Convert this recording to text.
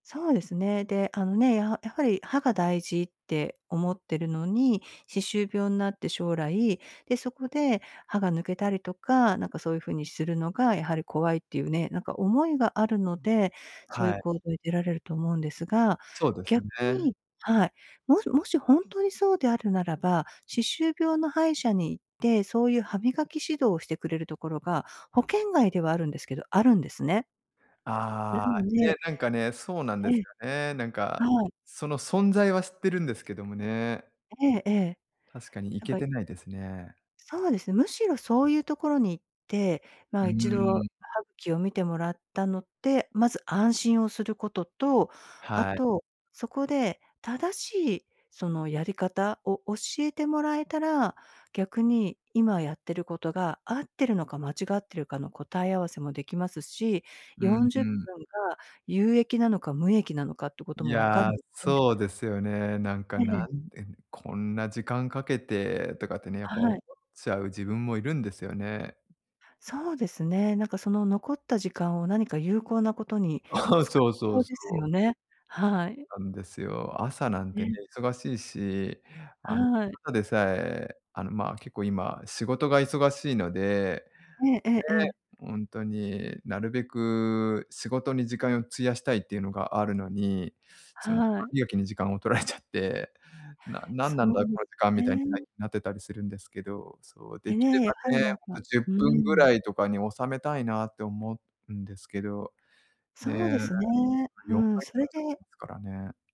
そうですね。で、あのね、やはやはり、歯が大事って思ってるのに、歯周病んなって将来、で、そこで歯が抜けたりとか、なんか、そういう風にするのがやはり怖いっていうね、なんか、思いがあるので、そういはうい。行動に出られると思うんですが、そうです逆ね。に、はい。もしもし本当にそうであるならば、歯周病の歯医者に行って、そういう歯磨き指導をしてくれるところが、保険外ではあるんですけど、あるんですね。なああ。のね、でなんかね、そうなんでえすえ。よね。なんか、はい。その存在は知ってるんですけどもね。ええええ。確かに、行なんけか、いてないですね。そうです、むしろ、そういうところに行って、まうあ、ー一度ん。歯茎を見てもらったのって、まず安心をすることと、あはい。と、そこで、正しい、その、やり方を教えてもらえたら、逆に、今やってることが合ってるのか間違ってるかの答え合わせもできますし、うんよんじうゅっぷん。んが有益なのか、無益なのかってこといも分かや、るので。そうですよね。なんか、えなえ。んでこんな時間かけてとかってね、やっぱ思っはい。ちゃう自分もいるんですよね。そうですね。なんか、その残った時間を何か有効なことにはあ、使そえうそそううそですよう。ね。はい。なんですよ。朝なんてね、ね。忙しいし、あの、はい。ただでさえ、あの、まあ、結構、今、仕事が忙しいので。えええええね、え。ほんとに、なるべく仕事に時間、費やしたいっていうのがあるのに、その歯はい。磨きに時間を取られちゃって「ななんそなんだ、うでこの時間」みすたいに、ないね。なってたりするんですけど、そう、でできれね、やはばり、ね、なんほんと、かじゅっうぷんぐーらん。いとかに収めたいなって思うんですけど。ねえ、そそうでのすね。うよんーん。ばいそかかれっちゃってでますからね。